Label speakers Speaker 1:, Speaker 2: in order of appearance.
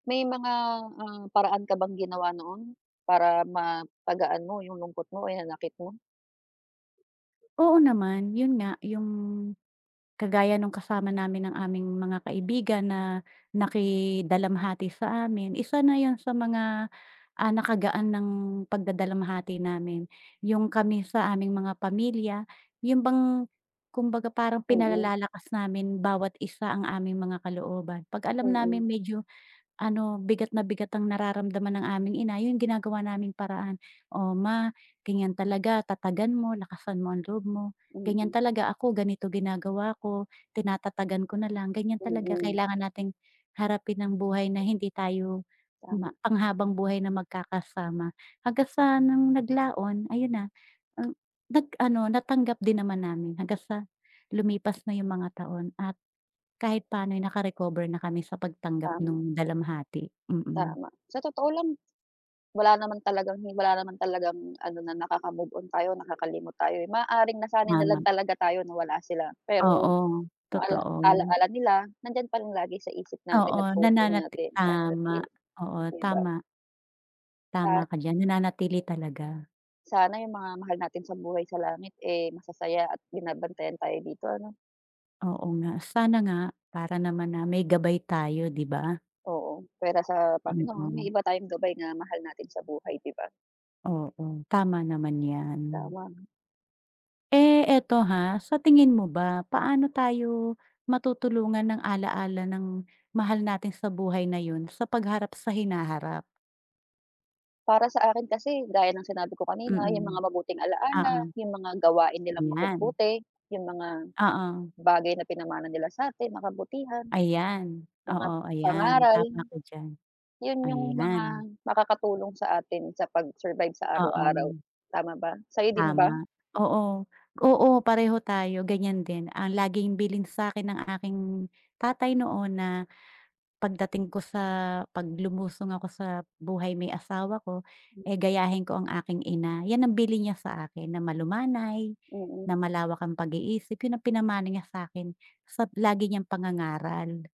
Speaker 1: May mga ah, paraan ka bang ginawa noon? Para mapagaan mo yung lungkot mo o hinanakit mo?
Speaker 2: Oo naman yun nga, yung, kagaya nung kasama namin ng aming mga kaibigan na naki-dalamhati sa amin, isa na yun sa mga, ah, nakagaan ng pag-dadalamhati namin, yung kami sa aming mga pamilya, yun bang, kumbaga parang
Speaker 1: Mm.
Speaker 2: pinalalakas namin bawat isa ang aming mga kalooban 'pag alam
Speaker 1: Mm.
Speaker 2: namin medyo ano, bigat na bigat ang nararamdaman ng aming ina yung ginagawa naming paraan. "O ma, ganyan talaga tatagan mo, lakasan mo ang loob mo ganyan
Speaker 1: Mm.
Speaker 2: talaga ako ganito ginagawa ko, tinatatagan ko na lang ganyan talaga
Speaker 1: Mm.
Speaker 2: kailangan nating harapin ang buhay na hindi tayo ma
Speaker 1: Tama.
Speaker 2: pang-habang-buhay na magkakasama" Hanggang sa nung naglaon ayun na, nag-ano natanggap din naman namin hanggang sa lumipas na yung mga taon at, kahit pano'y naka-recover na kami sa pag-tanggap
Speaker 1: Tama.
Speaker 2: nung dalamhati, mm.
Speaker 1: Tama, sa totoo lang, wala naman talagang wala naman talagang ano na nakaka-move-on tayo nakakalimot tayo eh, maaaring nasanay na
Speaker 2: Tama.
Speaker 1: lang talaga tayo na wala sila,
Speaker 2: Oo,
Speaker 1: pero, yung ala
Speaker 2: totoo.
Speaker 1: ala-ala nila nandiyan pa lang lagi sa isip
Speaker 2: Oo,
Speaker 1: natin at puso
Speaker 2: nananati
Speaker 1: natin lalo na't
Speaker 2: tama,
Speaker 1: yun,
Speaker 2: oo
Speaker 1: 'di ba?
Speaker 2: tama. Tama
Speaker 1: At
Speaker 2: ka diyan, nananatili talaga.
Speaker 1: sana yung mga mahal natin sa buhay sa langit eh, masasaya at binabantayan tayo dito ano?
Speaker 2: Oo nga, sana nga, para naman na may gabay tayo, 'di ba?
Speaker 1: Oo, pwera sa Panginoon may
Speaker 2: Mm.
Speaker 1: iba tayong gabay na mahal natin sa buhay 'di ba?
Speaker 2: Oo, tama naman 'yan.
Speaker 1: Tama.
Speaker 2: Eh, eto ha, sa tingin mo ba paano tayo matutulungan ng ala-ala ng mahal natin sa buhay na yun sa pag-harap sa hinaharap?
Speaker 1: Para sa akin kasi gaya ng sinabi ko kanina yung
Speaker 2: Mm.
Speaker 1: mga mabuting ala-ala,
Speaker 2: Oo.
Speaker 1: yung mga gawain nilang
Speaker 2: Tingnan.
Speaker 1: mabubuti, yung mga,
Speaker 2: Oo.
Speaker 1: bagay na pinamana nila sa'tin na kabutihan.
Speaker 2: Ayan,
Speaker 1: Mga
Speaker 2: oo ayan
Speaker 1: pangaral,
Speaker 2: tama ka diyan.
Speaker 1: yun yung mga
Speaker 2: Ayan.
Speaker 1: makakatulong sa atin sa pag-survive sa araw araw,
Speaker 2: Oo.
Speaker 1: tama ba? Sa'yo din ba?
Speaker 2: Tama, oo oo pareho tayo ganyan din, ang laging bilin sa'kin ng aking tatay noon na, pagdating ko sa kapag lumusong ako sa buhay may asawa ko, eh, gayahin ko ang aking ina, 'yan ang bilin niya sa akin na malumanay,
Speaker 1: Mm.
Speaker 2: na malawak ang pag-iisip yun ang pinamana niya sa'kin, sa lagi niyang pangangaral.